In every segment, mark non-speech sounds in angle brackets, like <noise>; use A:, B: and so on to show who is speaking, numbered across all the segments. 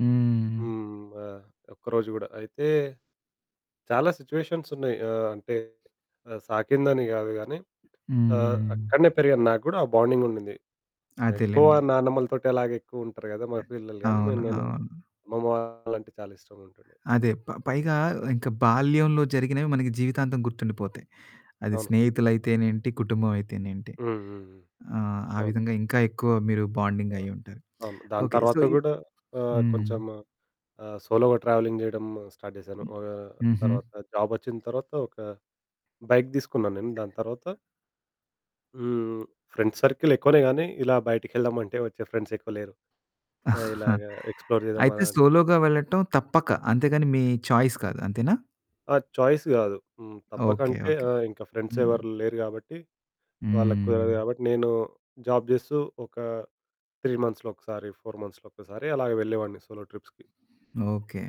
A: హ్మ్.
B: హ్మ్. ఆ! ఒక్కరోజు గూడా అయితే చాలా సిచ్యుయేషన్సున్నాయి. ఆహ్, అంటే సాకిందని గాదు గాని, ఆహ్,
A: హ్మ్.
B: అక్కడనే పెరిగాను నాకు గూడా ఆ బాండింగ్ ఉండింది. ఎక్కువ
A: అదేలెండి.
B: నానమ్మల తోటి అలాగేక్కువుంటారు గదా! మగ పిల్లలు గాని, మె
A: అవును.
B: నెను
A: అవును.
B: అమ్మమ్మ వాళ్ళంటే చాలా ఇష్టం ఉంటుండే.
A: అదే ప పైగా ఇంకా బాల్యంలో జరిగినవి మనకి జీవితాంతం గుర్తుండిపోతాయి. అది
B: అవును.
A: స్నేహితులైతేనేంటి, కుటుంబం అయితేనేంటి.
B: హ్మ్. హ్మ్. హ్మ్.
A: ఆ! ఆ
B: అవును.
A: విధంగా ఇంకా ఎక్కువ మీరు బాండింగ్
B: ఆ!
A: అయ్యింటారు.
B: అవును. దాని
A: ఓకే. సో,
B: తర్వాత
A: ఇప్
B: గూడా, ఆహ్,
A: హ్మ్.
B: కొంచెం ఆహ్, సోలోగా ట్రావెలింగ్ జేయడం స్టార్ట్ జేశాను. ఆహ్,
A: హుహు.
B: తర్వాత జాబ్ ఒచ్చిన తర్వాత, ఒక బైక్ దీసుకున్నాను నేను దాని తర్వాత హ్మ్. ఫ్రెండ్స్ సర్కిల్ ఎక్కువనే గాని, ఇలా బయటికెళ్దాం అంటే ఒచ్చే ఫ్రెండ్స్ ఎక్కువ లేరు. ఆ
A: <chuckles>
B: ఇలాగా ఎక్స్‌ప్లో‌ర్ చేద్దాం
A: అయితే సోలోగా వెళ్ళటం తప్పక. అంతేగాని మీ చాయిస్ కాదు, అంతేనా?
B: ఆ! చాయిస్ గాదు. హ్మ్,
A: ఓకే.
B: తప్పకంటే
A: ఓకే.
B: ఆ! ఇంక ఫ్రెండ్స్
A: హ్మ్.
B: ఎవరు లేరు గాబట్టి, వాళ్ళకి కుదరదు
A: హ్మ్.
B: గాబట్టి, నేను జాబ్ చేస్తూ, ఒక 3 మంత్స్‌లో ఒకసారి, 4 మంత్స్‌లో ఒక్కసారి అలాగ వెళ్ళేవాడిని సోలో ట్రిప్స్‌కి.
A: ఓకే.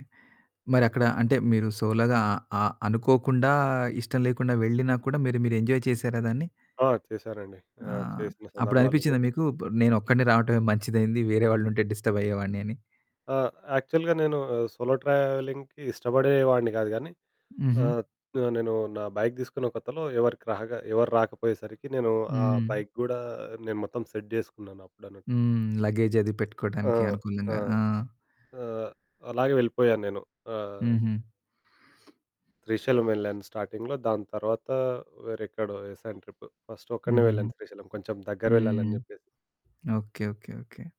A: మరి అక్కడ అంటే, మీరు సోలోగా అ అ అనుకోకుండా, ఇష్టం లేకుండా, వెళ్ళినా కూడా, మీరు, మీరు ఎంజాయ్ చేసారా దాన్ని?
B: ఆ! చేశారండి. ఆ!
A: ఆ!
B: చేసిన
A: అప్పుడు అనిపిచ్చిందా
B: సందర్భాలున్నాయి.
A: మీకు, బ నేనొక్కడినే రావడమే మంచిదయింది. వేరే వాళ్ళుంటే డిస్టర్బయ్యేవాడిని అని?
B: ఆ! యాక్చువల్‌గా నేను ఆహ్, సోలో ట్రావెలింగ్‌కి ఇష్టపడే వాడ్ని కాదు గానీ,
A: హుహు.
B: ఆహ్, ఆ నేను నా బైక్ దీసుకున్న కొత్తలో ఎవరికి రాక ఎవరు రాకపోయేసరికి, నేను ఆ
A: హ్మ్.
B: బైక్ గూడా నేను మొత్తం సెట్ జేసుకున్నాను అప్పుడన్నట్టు.
A: హ్మ్. లగేజ్ అది
B: ఆ!
A: పెట్టుకోడానికి
B: ఆ!
A: అనుకూలంగా. ఆ!
B: ఆహ్, అలాగే వెళ్ళిపోయాను నేను ఆహ్
A: హుహు.
B: శ్రీశైలం వెళ్ళాను స్టార్టింగ్‌లో. దాని తర్వాత వేరే ఎక్కడో ఏసాను ట్రిప్. ఫస్ట్ ఒక్కడినే
A: హుహుహు.
B: వెళ్ళాను శ్రీశైలం కొంచెం
A: హ్మ్.
B: దెగ్గరెళ్ళాలని జెప్పేసి.
A: ఓకే. ఓకే. ఓకే.